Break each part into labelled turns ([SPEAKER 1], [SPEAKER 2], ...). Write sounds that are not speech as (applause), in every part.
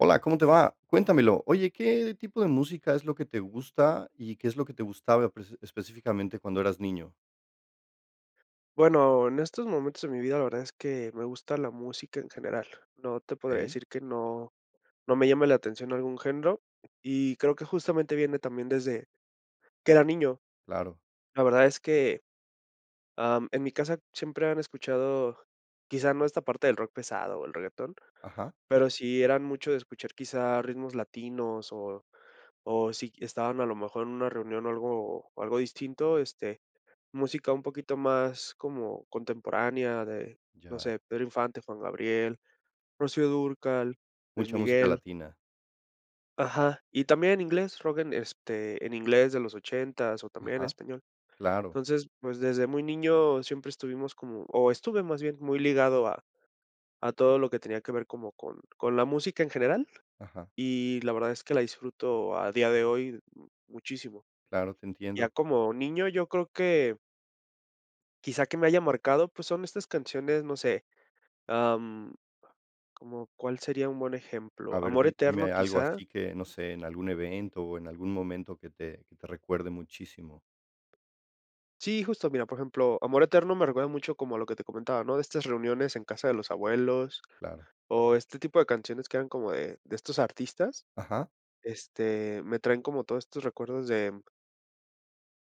[SPEAKER 1] Hola, ¿cómo te va?, cuéntamelo. Oye, ¿qué tipo de música es lo que te gusta y qué es lo que te gustaba prese específicamente cuando eras niño?
[SPEAKER 2] Bueno, en estos momentos de mi vida, la verdad es que me gusta la música en general. No te podría
[SPEAKER 1] Okey.
[SPEAKER 2] decir que no no me llame la atención algún género, y creo que justamente viene también desde que era niño.
[SPEAKER 1] Claro.
[SPEAKER 2] La verdad es que, ah, mm, en mi casa siempre han escuchado quizá no esta parte del rock pesado o el reguetón,
[SPEAKER 1] Ajá.
[SPEAKER 2] pero sí eran mucho de escuchar quizá ritmos latinos o o si estaban a lo mejor en una reunión o algo o algo distinto, este, música un poquito más como contemporánea de no
[SPEAKER 1] Ya.
[SPEAKER 2] sé, Pedro Infante, Juan Gabriel, Rocío Dúrcal, Luis
[SPEAKER 1] Mucha música
[SPEAKER 2] Miguel.
[SPEAKER 1] latina.
[SPEAKER 2] Ajá, y también en inglés, rock en este, en inglés de los ochentas o también en
[SPEAKER 1] Ajá,
[SPEAKER 2] español.
[SPEAKER 1] claro.
[SPEAKER 2] Entonces, pues, desde muy niño siempre estuvimos como o estuve más bien muy ligado a a todo lo que tenía que ver como con con la música en general
[SPEAKER 1] Ajá.
[SPEAKER 2] y la verdad es que la disfruto a día de hoy m muchísimo.
[SPEAKER 1] Claro, te
[SPEAKER 2] Ya
[SPEAKER 1] entiendo.
[SPEAKER 2] como niño yo creo que. Quizá que me haya marcado pues son estas canciones no sé, ah, mm, ¿como cuál sería un buen ejemplo?
[SPEAKER 1] A ver,
[SPEAKER 2] ¿Amor eterno,
[SPEAKER 1] dime algo
[SPEAKER 2] quizá?
[SPEAKER 1] así que, no sé, en algún evento o en algún momento que te que te recuerde muchísimo.
[SPEAKER 2] Sí, justo, mira, por ejemplo, Amor Eterno me recuerda mucho como a lo que te comentaba, ¿no?, de estas reuniones en casa de los abuelos,
[SPEAKER 1] Claro.
[SPEAKER 2] o este tipo de canciones que eran como de de estos artistas,
[SPEAKER 1] Ajá.
[SPEAKER 2] este, me traen como todos estos recuerdos de, mm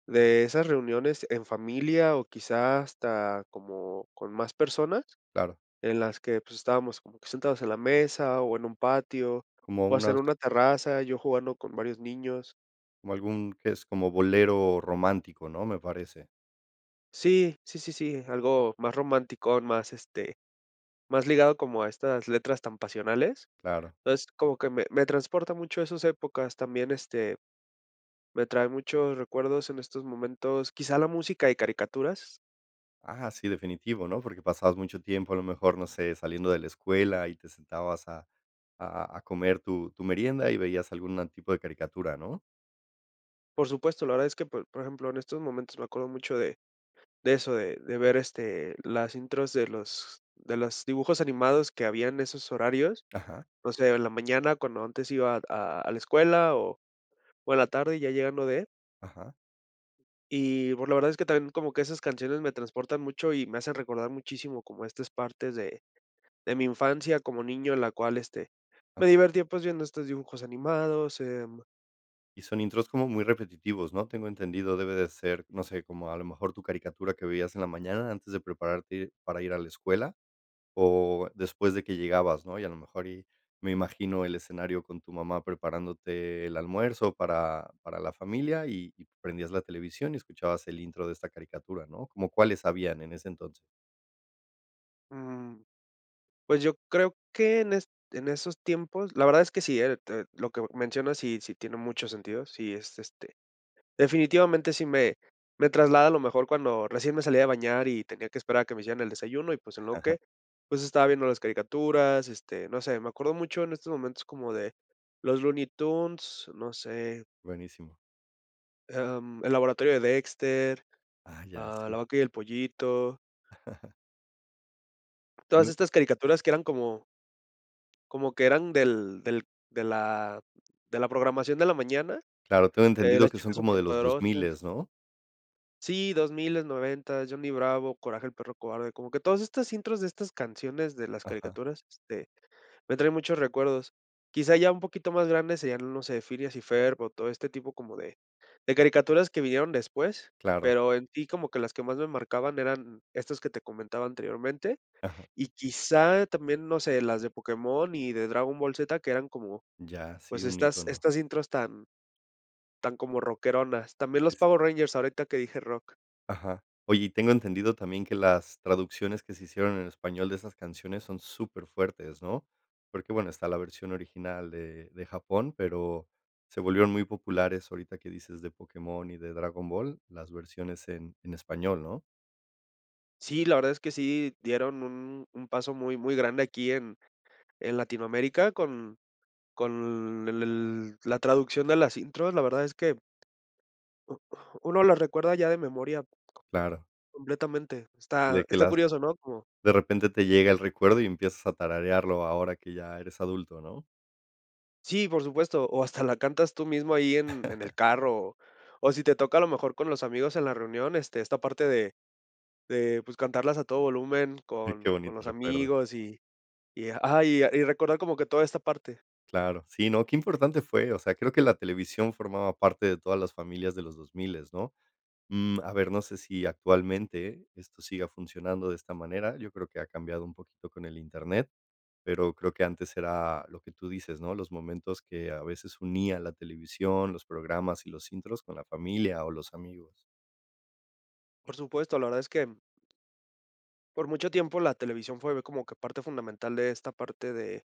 [SPEAKER 2] de esas reuniones en familia o quizá hasta como con más personas
[SPEAKER 1] Claro.
[SPEAKER 2] en las que, pues, estábamos, pues, como que sentados en la mesa o en un patio,
[SPEAKER 1] Como
[SPEAKER 2] o hacer
[SPEAKER 1] unas
[SPEAKER 2] una terraza, yo jugando con varios niños.
[SPEAKER 1] Como algún, que es como bolero romántico, ¿no?, me parece.
[SPEAKER 2] Sí sí sí sí, algo más romanticón, más, este, más ligado como a estas letras tan pasionales,
[SPEAKER 1] Claro.
[SPEAKER 2] entonces, como que me me transporta mucho a esas épocas también, este, me trae muchos recuerdos en estos momentos, quizá la música de caricaturas.
[SPEAKER 1] Ajá, sí, definitivo, ¿no?, porque pasabas mucho tiempo, a lo mejor, no sé, saliendo de la escuela y te sentabas a a a comer tu tu merienda y veías alguna tipo de caricatura, ¿no?
[SPEAKER 2] Por supuesto, la verdad es que, por por ejemplo, en estos momentos me acuerdo mucho de de eso, de de ver, este, las intros de los de los dibujos animados que había en esos horarios,
[SPEAKER 1] Ajá.
[SPEAKER 2] o sea, de la mañana cuando antes iba a a la escuela o o en la tarde ya llegando de
[SPEAKER 1] Ajá.
[SPEAKER 2] Y, pues, la verdad es que también como que esas canciones me transportan mucho y me hacen recordar muchísimo como estas partes de de mi infancia como niño en la cual, este,
[SPEAKER 1] A
[SPEAKER 2] me divertía, pues, viendo estos dibujos animados, em
[SPEAKER 1] Y son intros como muy repetitivos, ¿no? Tengo entendido, debe de ser, no sé, como a lo mejor tu caricatura que vivías en la mañana antes de prepararte ir para ir a la escuela o después de que llegabas, ¿no? Y a lo mejor y me imagino el escenario con tu mamá preparándote el almuerzo para para la familia y y prendías la televisión y escuchabas el intro de esta caricatura, ¿no? ¿Cómo cuáles habían en ese entonces?
[SPEAKER 2] Mm. Pues yo creo que en est en esos tiempos la verdad es que sí, eh, te lo que mencionas sí, sí tiene mucho sentido, sí es este definitivamente sí me me traslada a lo mejor cuando recién me salía de bañar y tenía que esperar a que me hicieran el desayuno y, pues, en lo
[SPEAKER 1] (chuckles)
[SPEAKER 2] que pues estaba viendo las caricaturas, este, no sé, me acuerdo mucho en estos momentos como de los Looney Tunes, no sé.
[SPEAKER 1] Buenísimo.
[SPEAKER 2] Am, El Laboratorio de Dexter,
[SPEAKER 1] Ah, ya,
[SPEAKER 2] ah, La
[SPEAKER 1] sí.
[SPEAKER 2] Vaca y el Pollito.
[SPEAKER 1] (laughs)
[SPEAKER 2] Todas
[SPEAKER 1] (unintelligible)
[SPEAKER 2] estas caricaturas que eran como. Como que eran del del de la de la programación de la mañana.
[SPEAKER 1] Claro, tengo
[SPEAKER 2] Eh,
[SPEAKER 1] entendido
[SPEAKER 2] Las
[SPEAKER 1] que son
[SPEAKER 2] Chicas
[SPEAKER 1] como
[SPEAKER 2] Súper
[SPEAKER 1] de los
[SPEAKER 2] Poderosas.
[SPEAKER 1] dosmiles ¿no?
[SPEAKER 2] Sí, dosmiles, noventas, Johnny Bravo, Coraje del Perro Cobarde, como que todas estas intros de estas canciones de las
[SPEAKER 1] Ajá.
[SPEAKER 2] caricaturas, este, me traen muchos recuerdos. Quizá ya un poquito más grande seria, no sé, Phineas y Ferb, o todo este tipo como de de caricaturas que vinieron después,
[SPEAKER 1] Claro.
[SPEAKER 2] pero en si como que las que más me marcaban eran estas que te comentaba anteriormente,
[SPEAKER 1] Ajá.
[SPEAKER 2] y quizá también, no sé, las de Pokémon y de Dragon Ball Z, que eran como
[SPEAKER 1] Ya, sí,
[SPEAKER 2] pues,
[SPEAKER 1] un
[SPEAKER 2] estas
[SPEAKER 1] ícono.
[SPEAKER 2] estas intros tan tan como rockeronas. También los Power Rangers ahorita que dije rock.
[SPEAKER 1] Ajá. Oye, y tengo entendido también que las traducciones que se hicieron en español de esas canciones son superfuertes, ¿no? Porque, bueno, está la versión original de de Japón, pero se volvieron muy populares ahorita que dices de Pokémon y de Dragon Ball, las versiones en en español, ¿no?
[SPEAKER 2] Sí, la verdad es que sí dieron un un paso muy muy grande aquí en en Latinoamérica con con el el la traducción de las intros. La verdad es que uno las recuerda ya de memoria.
[SPEAKER 1] Claro.
[SPEAKER 2] Completamente,
[SPEAKER 1] De
[SPEAKER 2] está
[SPEAKER 1] que
[SPEAKER 2] está
[SPEAKER 1] las,
[SPEAKER 2] curioso, ¿no? Como
[SPEAKER 1] de repente te llega el recuerdo y empiezas a tararearlo ahora que ya eres adulto, ¿no?
[SPEAKER 2] Sí, por supuesto, o hasta la cantas tú mismo ahí en en el
[SPEAKER 1] (laughs)
[SPEAKER 2] carro, o si te toca a lo mejor con los amigos en la reunión, este, esta parte de de pues, cantarlas a todo volumen
[SPEAKER 1] Ay, qué
[SPEAKER 2] con con
[SPEAKER 1] bonitos
[SPEAKER 2] los
[SPEAKER 1] recuerdos.
[SPEAKER 2] amigos y y y ajá, y recordar como que toda esta parte.
[SPEAKER 1] Claro, sí, no, qué importante fue. O sea, creo que la televisión formaba parte de todas las familias de los dosmiles ¿no? Mm, a ver, no sé si actualmente esto siga funcionando de esta manera, yo creo que ha cambiado un poquito con el internet, pero creo que antes era lo que tú dices, ¿no? Los momentos que a veces unía la televisión, los programas y los intros con la familia o los amigos.
[SPEAKER 2] Por supuesto, la verdad es que por mucho tiempo la televisión fue como que parte fundamental de esta parte de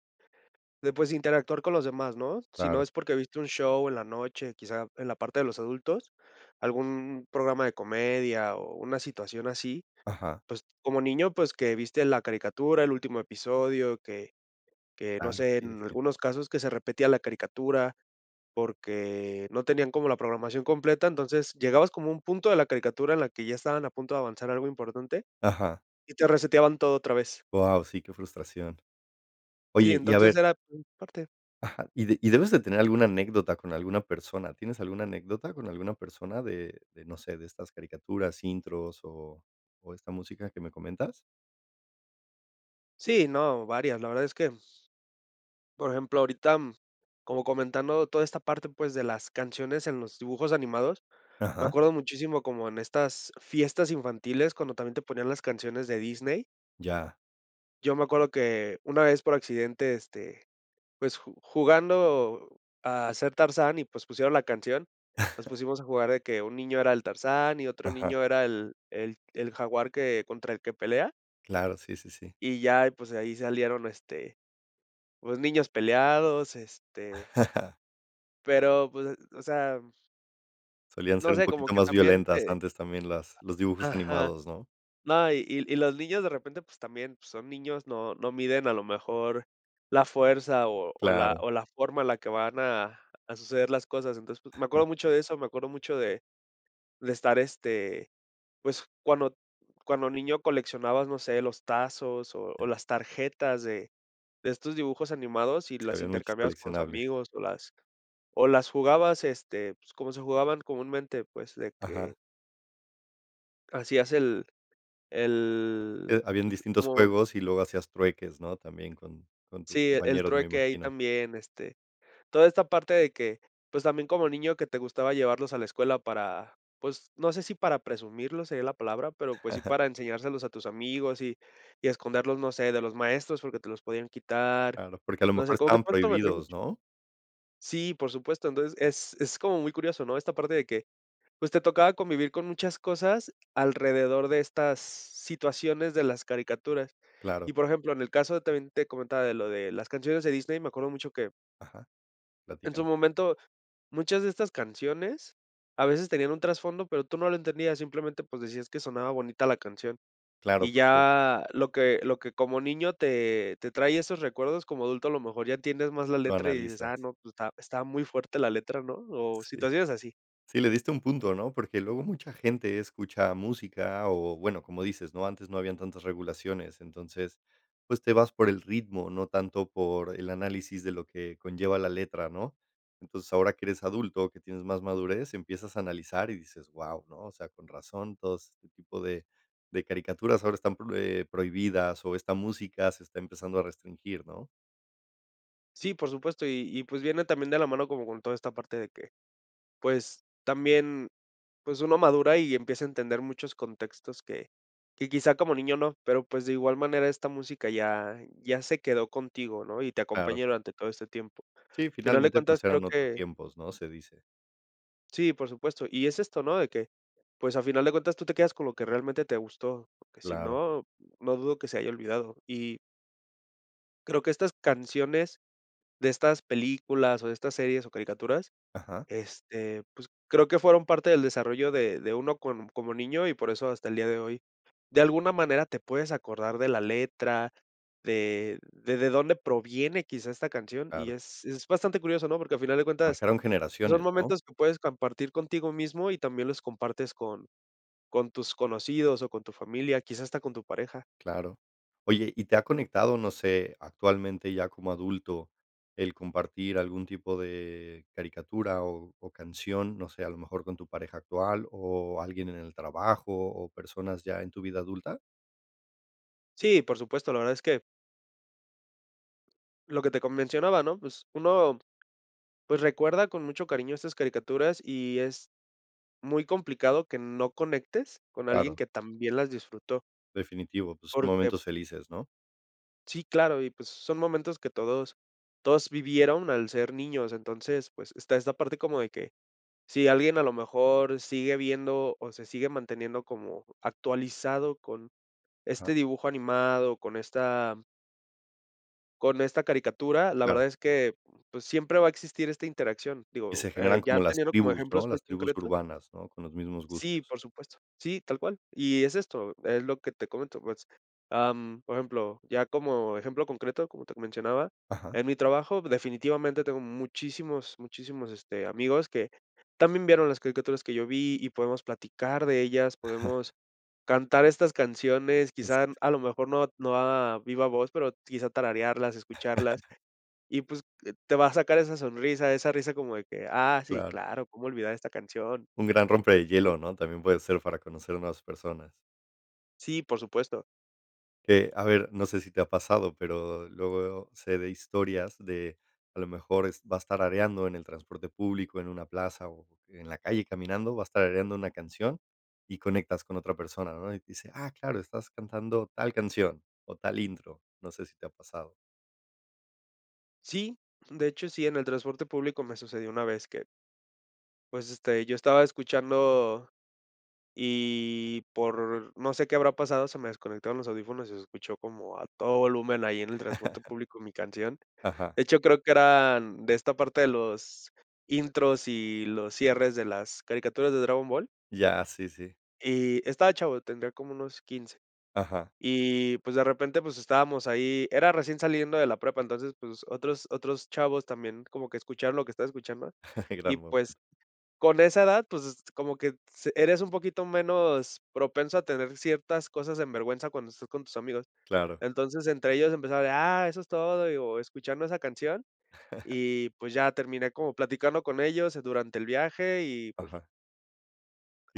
[SPEAKER 2] de, pues, interactuar con los demás, ¿no? Si no
[SPEAKER 1] Claro.
[SPEAKER 2] es porque viste un show en la noche, quizá en la parte de los adultos, algún programa de comedia o una situación así,
[SPEAKER 1] Ajá.
[SPEAKER 2] pues, como niño, pues, que viste la caricatura, el último episodio, que que no
[SPEAKER 1] Claro,
[SPEAKER 2] sé,
[SPEAKER 1] sí
[SPEAKER 2] en
[SPEAKER 1] definitivo.
[SPEAKER 2] algunos casos que se repetía la caricatura porque no tenían como la programación completa, entonces llegabas como un punto de la caricatura en la que ya estaban a punto de avanzar algo importante
[SPEAKER 1] Ajá.
[SPEAKER 2] y te reseteaban todo otra vez.
[SPEAKER 1] Wao, sí, qué frustración.
[SPEAKER 2] Sí,
[SPEAKER 1] Oye, y a
[SPEAKER 2] entonces
[SPEAKER 1] ver
[SPEAKER 2] era (unintelligible) parte.
[SPEAKER 1] Ajá, y y debes de tener alguna anécdota con alguna persona. ¿Tienes alguna anécdota con alguna persona de de, no sé, de estas caricaturas, intros o o esta música que me comentas?
[SPEAKER 2] Sí, no, varias, la verdad es que por ejemplo, ahorita, mm, como comentando toda esta parte, pues, de las canciones en los dibujos animados, me
[SPEAKER 1] Ajá.
[SPEAKER 2] acuerdo muchísimo como en estas fiestas infantiles, cuando también te ponían las canciones de Disney
[SPEAKER 1] Ya.
[SPEAKER 2] yo me acuerdo que una vez por accidente este pues, ju jugando a ser Tarzán y, pues, pusieron la canción, nos
[SPEAKER 1] (laughs)
[SPEAKER 2] pusimos a jugar de que un niño era el Tarzán y otro
[SPEAKER 1] Ajá.
[SPEAKER 2] niño era el el el jaguar que contra el que pelea
[SPEAKER 1] Claro, sí, sí, sí.
[SPEAKER 2] y ya y, pues, ahí salieron este, pues, niños peleados este
[SPEAKER 1] (laughs)
[SPEAKER 2] pero pues, o sea
[SPEAKER 1] Solían
[SPEAKER 2] no
[SPEAKER 1] ser un
[SPEAKER 2] sé como
[SPEAKER 1] poquito
[SPEAKER 2] que
[SPEAKER 1] más
[SPEAKER 2] también
[SPEAKER 1] violentas
[SPEAKER 2] te
[SPEAKER 1] antes, también las los dibujos
[SPEAKER 2] ajá,
[SPEAKER 1] animados, ¿no?
[SPEAKER 2] no, y y y los niños de repente, pues, también son niños, no no miden a lo mejor la fuerza o o la
[SPEAKER 1] Claro.
[SPEAKER 2] o la forma en la que van a a suceder las cosas, entonces, pues, me
[SPEAKER 1] Ajá.
[SPEAKER 2] acuerdo mucho de eso, me acuerdo mucho de de estar, este, pues, cuando cuando niño coleccionabas, no sé, los tazos o o
[SPEAKER 1] Ya.
[SPEAKER 2] las tarjetas de de estos dibujos animados y
[SPEAKER 1] Sí,
[SPEAKER 2] las
[SPEAKER 1] había muchos
[SPEAKER 2] intercambiabas con los
[SPEAKER 1] coleccionables.
[SPEAKER 2] amigos o las o las jugabas, este, pues, como se jugaban comúnmente, pues, de
[SPEAKER 1] Ajá.
[SPEAKER 2] que hacías el el
[SPEAKER 1] Eh, habían distintos
[SPEAKER 2] como
[SPEAKER 1] juegos y luego hacías trueques, ¿no?, también con con tus
[SPEAKER 2] sí, el
[SPEAKER 1] compañeros, me
[SPEAKER 2] trueque ahí
[SPEAKER 1] imagino.
[SPEAKER 2] también, este, toda esta parte de que, pues, también como niño que te gustaba llevarlos a la escuela para, pues, no sé si para presumirlo sería la palabra, pero, pues, sí
[SPEAKER 1] (laughs)
[SPEAKER 2] para enseñárselos a tus amigos y y esconderlos, no sé, de los maestros porque te los podían quitar,
[SPEAKER 1] Claro, porque a lo
[SPEAKER 2] no
[SPEAKER 1] mejor
[SPEAKER 2] sé, como que
[SPEAKER 1] estaban
[SPEAKER 2] pronto me trae
[SPEAKER 1] prohibidos,
[SPEAKER 2] mucho
[SPEAKER 1] ¿no?
[SPEAKER 2] sí, por supuesto, entonces es es como muy curioso, ¿no?, esta parte de que, pues, te tocaba convivir con muchas cosas alrededor de estas situaciones de las caricaturas, y,
[SPEAKER 1] Claro.
[SPEAKER 2] por ejemplo, en el caso de también te comentaba de lo de las canciones de Disney, me acuerdo mucho que
[SPEAKER 1] Ajá,
[SPEAKER 2] en su
[SPEAKER 1] platícame.
[SPEAKER 2] momento, muchas de estas canciones a veces tenían un trasfondo, pero tú no lo entendías simplemente, pues, decías que sonaba bonita la canción y
[SPEAKER 1] Claro, porque
[SPEAKER 2] ya lo que lo que como niño te te traía esos recuerdos, como adulto, a lo mejor ya tienes más la
[SPEAKER 1] Lo
[SPEAKER 2] letra y dices, ah
[SPEAKER 1] analizas.
[SPEAKER 2] no, pues, estaba está muy fuerte la letra, ¿no?, o
[SPEAKER 1] Sí.
[SPEAKER 2] situaciones así.
[SPEAKER 1] Sí, le diste a un punto, ¿no?, porque luego mucha gente escucha música o, bueno, como dices, ¿no?, antes no habían tantas regulaciones, entonces, pues, te vas por el ritmo, no tanto por el análisis de lo que conlleva la letra, ¿no?, entonces, ahora que eres adulto, que tienes más madurez, empiezas a analizar y dices, guau, ¿no?, o sea, con razón, todos este tipo de de caricaturas ahora están, pro eh, prohibidas, o esta música se está empezando a restringir, ¿no?
[SPEAKER 2] Sí, por supuesto, y y pues, viene también de la mano como con toda esta parte de que, pues, también, pues, uno madura y empieza a entender muchos contextos que que quizá como niño no, pero, pues, de igual manera esta música ya ya se quedó contigo ¿no?, y te
[SPEAKER 1] Claro.
[SPEAKER 2] acompaña durante todo este tiempo, al
[SPEAKER 1] Sí,
[SPEAKER 2] final de
[SPEAKER 1] finalmente,
[SPEAKER 2] cuentas
[SPEAKER 1] pues,
[SPEAKER 2] creo
[SPEAKER 1] eran otros
[SPEAKER 2] que
[SPEAKER 1] tiempos, ¿no?, se dice.
[SPEAKER 2] Sí, por supuesto, y es esto ¿no?, de que, pues, a final de cuentas tú te quedas con lo que realmente te gustó, porque si
[SPEAKER 1] Claro.
[SPEAKER 2] no, no dudo que se haya olvidado, y creo que estas canciones de estas películas, o de estas series, o caricaturas,
[SPEAKER 1] Ajá.
[SPEAKER 2] este, pues, creo que fueron parte del desarrollo de de uno con como niño y por eso hasta el día de hoy, de alguna manera, te puedes acordar de la letra, de de de dónde proviene quizá esta canción y
[SPEAKER 1] Claro.
[SPEAKER 2] es es bastante curioso, ¿no?, porque al final de cuentas
[SPEAKER 1] Marcaron
[SPEAKER 2] son
[SPEAKER 1] generaciones, ¿no?
[SPEAKER 2] momentos que puedes compartir contigo mismo y también los compartes con con tus conocidos o con tu familia, quizá hasta con tu pareja.
[SPEAKER 1] Claro, oye, ¿y te ha conectado, no sé, actualmente ya como adulto, el compartir algún tipo de caricatura o o canción?, no sé, ¿a lo mejor con tu pareja actual, o alguien en el trabajo, o personas ya en tu vida adulta?
[SPEAKER 2] Sí, por supuesto, la verdad es que lo que te co mencionaba, ¿no?, pues uno, pues, recuerda con mucho cariño estas caricaturas y es muy complicado que no conectes con alguien
[SPEAKER 1] Claro.
[SPEAKER 2] que también las disfrutó.
[SPEAKER 1] Definitivo, pues,
[SPEAKER 2] Porque
[SPEAKER 1] momentos felices, ¿no?
[SPEAKER 2] sí claro, y pues, son momentos que todos todos vivieron al ser niños, entonces, pues, está esa parte como de que si alguien a lo mejor sigue viendo o se sigue manteniendo como actualizado con
[SPEAKER 1] Ajá.
[SPEAKER 2] este dibujo animado, con esta con esta caricatura, la verdad
[SPEAKER 1] Claro.
[SPEAKER 2] es que, pues, siempre va a existir esta interacción,
[SPEAKER 1] Y
[SPEAKER 2] digo,
[SPEAKER 1] se
[SPEAKER 2] eh,
[SPEAKER 1] generan
[SPEAKER 2] ya
[SPEAKER 1] como las
[SPEAKER 2] teniendo como
[SPEAKER 1] tribus, ¿no?,
[SPEAKER 2] ejemplos muy
[SPEAKER 1] las tribus
[SPEAKER 2] concretos.
[SPEAKER 1] urbanas, ¿no?, con los mismos
[SPEAKER 2] Sí,
[SPEAKER 1] gustos.
[SPEAKER 2] por supuesto, sí, tal cual, y es esto, es lo que te comento, pues, am, por ejemplo, ya como ejemplo concreto, como te mencionaba,
[SPEAKER 1] Ajá.
[SPEAKER 2] en mi trabajo definitivamente tengo muchísimos, muchísimos, este, amigos que también vieron las caricaturas que yo vi y podemos platicar de ellas, podemos
[SPEAKER 1] (laughs)
[SPEAKER 2] cantar estas canciones, quizá a lo mejor no no a viva voz, pero quizá tararearlas, escucharlas
[SPEAKER 1] (laughs)
[SPEAKER 2] y, pues, te va a sacar esa sonrisa, esa risa como de que, ah sí,
[SPEAKER 1] Claro.
[SPEAKER 2] claro, cómo olvidar esta canción.
[SPEAKER 1] Un gran rompe de hielo, ¿no?, también puede ser para conocer nuevas personas.
[SPEAKER 2] Sí, por supuesto.
[SPEAKER 1] Que, a ver, no sé si te ha pasado, pero luego, sé de historias de, a lo mejor es vas tarareando en el transporte público, en una plaza o en la calle caminando, vas tarareando una canción y conectas con otra persona, ¿no?, y dice: "Ah, claro, estás cantando tal canción o tal intro". No sé si te ha pasado.
[SPEAKER 2] Sí, de hecho, sí, en el transporte público me sucedió una vez que pues este yo estaba escuchando y por no sé qué habrá pasado, se me desconectaron los audífonos y se escuchó como a todo volumen ahí en el transporte
[SPEAKER 1] (laughs)
[SPEAKER 2] público mi canción,
[SPEAKER 1] Ajá.
[SPEAKER 2] de hecho, creo que eran de esta parte de los intros y los cierres de las caricaturas de Dragon Ball.
[SPEAKER 1] Ya, sí sí.
[SPEAKER 2] Y estaba chavo, tendría como unos 15,
[SPEAKER 1] Ajá.
[SPEAKER 2] y pues de repente, pues estábamos ahí, era recién saliendo de la prepa entonces pues otros otros chavos también como que escucharon lo que estaba escuchando (inhales)
[SPEAKER 1] (laughs)
[SPEAKER 2] y
[SPEAKER 1] (unintelligible)
[SPEAKER 2] pues con esa edad, pues s como que s eres un poquito menos propenso a tener ciertas cosas en vergüenza cuando estás con tus amigos,
[SPEAKER 1] Claro.
[SPEAKER 2] entonces entre ellos empezaba de: "Ah eso es todo", digo escuchando esa canción
[SPEAKER 1] (laughs)
[SPEAKER 2] y, pues, ya terminé como platicando con ellos durante el viaje y pues
[SPEAKER 1] Ajá.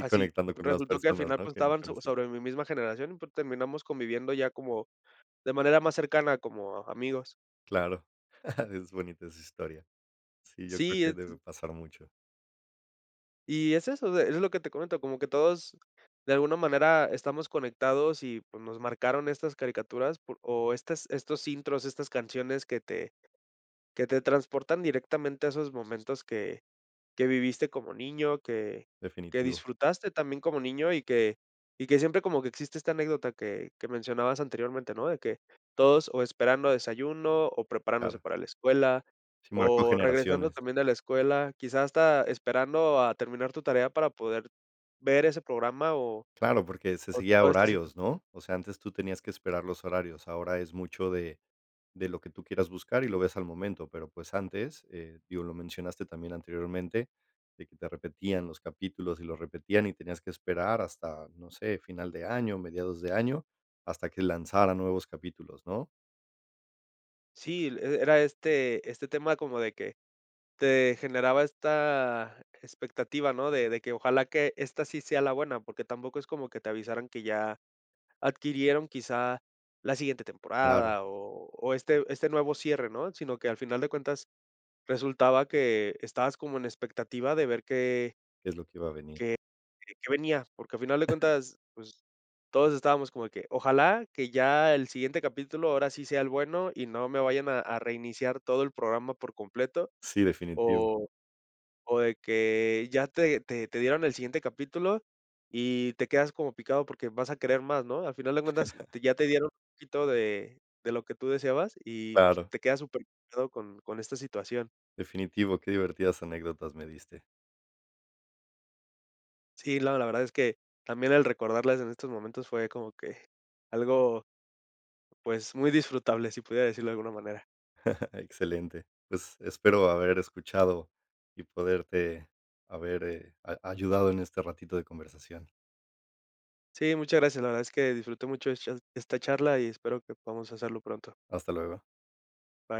[SPEAKER 1] Y conectando con las
[SPEAKER 2] resultó que al
[SPEAKER 1] personas,
[SPEAKER 2] final,
[SPEAKER 1] ¿no?,
[SPEAKER 2] pues,
[SPEAKER 1] que ni
[SPEAKER 2] estaban so
[SPEAKER 1] conocía.
[SPEAKER 2] sobre mi misma generación y pues terminamos conviviendo ya como (inhales) de manera más cercana, como amigos.
[SPEAKER 1] Claro, (laughs) es bonita esa historia. Sí, yo creo
[SPEAKER 2] Sí.
[SPEAKER 1] que debe
[SPEAKER 2] (unintelligible)
[SPEAKER 1] pasar mucho.
[SPEAKER 2] Y es eso de es lo que te comento, como que todos de alguna manera estamos conectados y pues nos marcaron estas caricaturas por o estas estos intros, estas canciones que te que te transportan directamente a esos momentos que que viviste como niño, que que
[SPEAKER 1] Definitivo.
[SPEAKER 2] disfrutaste también como niño y que y que siempre como que existe esta anécdota que que mencionabas anteriormente, ¿no?, de que todos o esperando desayuno o preparándose
[SPEAKER 1] Claro.
[SPEAKER 2] para la escuela
[SPEAKER 1] Sí, marcó
[SPEAKER 2] o regresando
[SPEAKER 1] generaciones.
[SPEAKER 2] también de la escuela, quizás hasta esperando a terminar tu tarea para poder ver ese programa o
[SPEAKER 1] Claro, porque se
[SPEAKER 2] o
[SPEAKER 1] seguía
[SPEAKER 2] toda esta situa
[SPEAKER 1] horarios, ¿no?, o sea, antes tú tenías que esperar los horarios, ahora es mucho de de lo que tú quieras buscar y lo ves al momento, pero, pues, antes, eh, digo, lo mencionaste también anteriormente, de que te repetían los capítulos y lo repetían y tenías que esperar hasta, no sé, final de año, mediados de año, hasta que lanzaran nuevos capítulos, ¿no?
[SPEAKER 2] Sí, l era este este tema como de que te generaba esta expectativa, ¿no?, de de que ojalá que esta sí sea la buena, porque tampoco es como que te avisaran que ya adquirieron quizá la siguiente
[SPEAKER 1] Claro.
[SPEAKER 2] temporada o o este este nuevo cierre, ¿no?, sino que al final de cuentas resultaba que estabas como en expectativa de ver que
[SPEAKER 1] ¿Qué es lo que va a venir?
[SPEAKER 2] que que venía, porque al final de
[SPEAKER 1] (giggles)
[SPEAKER 2] cuentas, pues, todos estábamos como de que ojalá que ya el siguiente capítulo ahora sí sea el bueno y no me vayan a a reiniciar todo el programa por completo
[SPEAKER 1] Sí, definitivo.
[SPEAKER 2] o o de que ya te te te dieron el siguiente capítulo y te quedas como picado porque vas a querer más, ¿no?, al final de cuentas
[SPEAKER 1] (laughs)
[SPEAKER 2] te ya te dieron un poquito de de lo que tú deseabas y
[SPEAKER 1] Claro.
[SPEAKER 2] te quedas superpegado con con esta situación.
[SPEAKER 1] Definitivo, qué divertidas anécdotas me diste.
[SPEAKER 2] Sí, la la verdad es que también el recordarles en estos momentos fue como que algo pues muy disfrutable si pudiera decirlo de alguna manera.
[SPEAKER 1] (laughs) Excelente, pues espero haber escuchado y poderte haber eh, a ayudado en este ratito de conversación.
[SPEAKER 2] Sí, muchas gracias, la verdad es que disfruté mucho es cha esta charla y espero que podamos hacerlo pronto.
[SPEAKER 1] Hasta luego.
[SPEAKER 2] Bye.